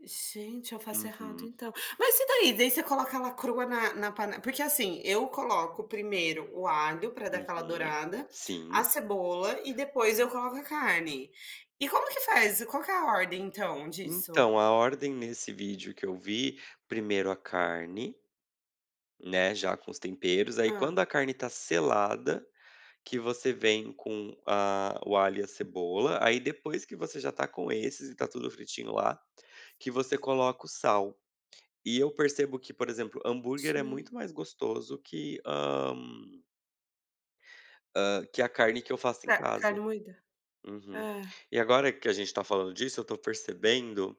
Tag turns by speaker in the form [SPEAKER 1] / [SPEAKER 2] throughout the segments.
[SPEAKER 1] Gente, eu faço errado,
[SPEAKER 2] Uhum.
[SPEAKER 1] então, mas e daí, daí você coloca ela crua na na pane porque assim, eu coloco primeiro o alho pra dar aquela
[SPEAKER 2] Uhum,
[SPEAKER 1] dourada, a
[SPEAKER 2] sim.
[SPEAKER 1] cebola e depois eu coloco a carne. E como que faz, qual que é a ordem então disso?
[SPEAKER 2] Então a ordem nesse vídeo que eu vi, 1º a carne, né, já com os temperos aí
[SPEAKER 1] Hã?
[SPEAKER 2] quando a carne tá selada, que você vem com a o alho e a cebola, aí depois que você já tá com esses e tá tudo fritinho lá, que você coloca o sal. E eu percebo que, por exemplo, hambúrguer é
[SPEAKER 1] Sim.
[SPEAKER 2] muito mais gostoso que, hã hã, que a carne que eu faço em
[SPEAKER 1] É, carne
[SPEAKER 2] casa
[SPEAKER 1] moída,
[SPEAKER 2] uhum.
[SPEAKER 1] é.
[SPEAKER 2] E agora que a gente tá falando disso, tô percebendo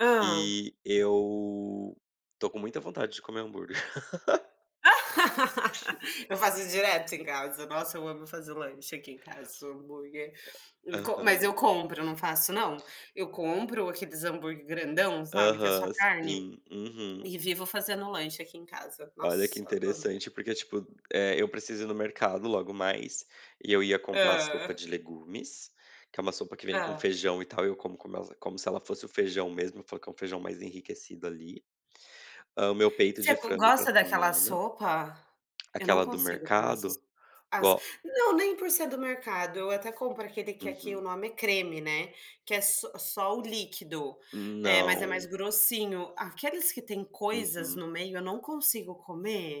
[SPEAKER 1] Hã?
[SPEAKER 2] que eu tô com muita vontade de comer hambúrguer.
[SPEAKER 1] Eu faço isso direto em casa, nossa eu amo fazer lanche aqui em casa, um hambúrguer,
[SPEAKER 2] É.
[SPEAKER 1] com mas eu
[SPEAKER 2] Aham.
[SPEAKER 1] compro, não faço não, eu compro aqueles hambúrguer grandão, sabe, que é só
[SPEAKER 2] Aham,
[SPEAKER 1] carne,
[SPEAKER 2] sim. Uhum.
[SPEAKER 1] e vivo fazendo lanche aqui em casa,
[SPEAKER 2] Olha, que
[SPEAKER 1] nossa amo.
[SPEAKER 2] interessante, porque, tipo, eh, eu preciso ir no mercado logo mais, e eu ia comprar sopa
[SPEAKER 1] Hã?
[SPEAKER 2] de legumes, que é uma sopa que vem com
[SPEAKER 1] Hã?
[SPEAKER 2] feijão e tal e eu como como ela como se ela fosse o feijão mesmo, eu falo que um feijão mais enriquecido ali. Hã, o meu peito
[SPEAKER 1] Você
[SPEAKER 2] de
[SPEAKER 1] go
[SPEAKER 2] frango pra
[SPEAKER 1] gosta daquela
[SPEAKER 2] semana
[SPEAKER 1] sopa? Eu não
[SPEAKER 2] aquela do
[SPEAKER 1] consigo tomar essas
[SPEAKER 2] mercado?
[SPEAKER 1] sopas, as
[SPEAKER 2] Go
[SPEAKER 1] não, nem por ser do mercado, eu até compro aquele que aqui o
[SPEAKER 2] Uhum.
[SPEAKER 1] nome é creme, né, que é s só o líquido, eh, mas é mais
[SPEAKER 2] Não.
[SPEAKER 1] grossinho, aqueles que têm coisas
[SPEAKER 2] Uhum.
[SPEAKER 1] no meio eu não consigo comer.